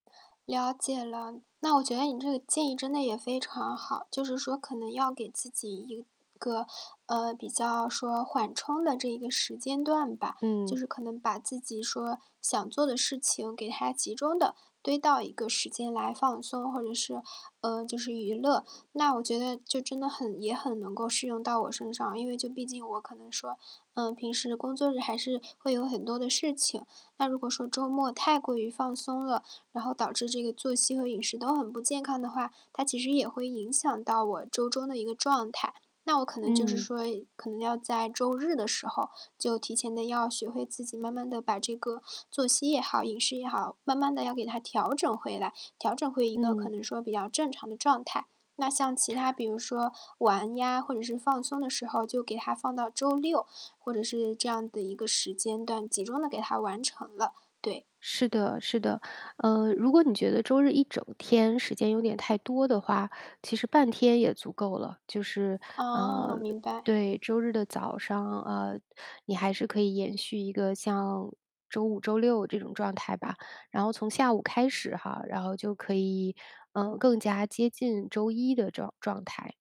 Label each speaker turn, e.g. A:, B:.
A: 了解了。那我觉得你这个建议真的也非常好，就是说可能要给自己一个呃，比较说缓冲的这一个时间段吧。就
B: 嗯。
A: 是可能把自己说，想做的事情给它集中地堆到一个时间来放松，或者是呃，就是娱乐。那我觉得就真的很也很能够适用到我身上。因为就毕竟我可能说，呃，平时的工作日还是会有很多的事情。那如果说周末太过于放松了，然后导致这个作息和饮食都很不健康的话，它其实也会影响到我周中的一个状态。那我可能就是
B: 嗯。
A: 说可能要在周日的时候就提前地要学会自己慢慢地把这个作息也好、饮食也好，慢慢地要给它调整回来，调整回一个可
B: 嗯。
A: 能说比较正常的状态。那像其他比如说玩呀，或者是放松的时候就给它放到周六，或者是这样的一个时间段，集中地给它完成了，对。
B: 是的是的。呃，如果你觉得周日一整天时间有点太多的话，其实半天也足够了。就是呃，
A: 哦，明白。
B: 对，周日的早上，呃你还是可以延续一个像周五、周六这种状态吧。然后从下午开始哈，然后就可以，嗯，更加接近周一的这种状态。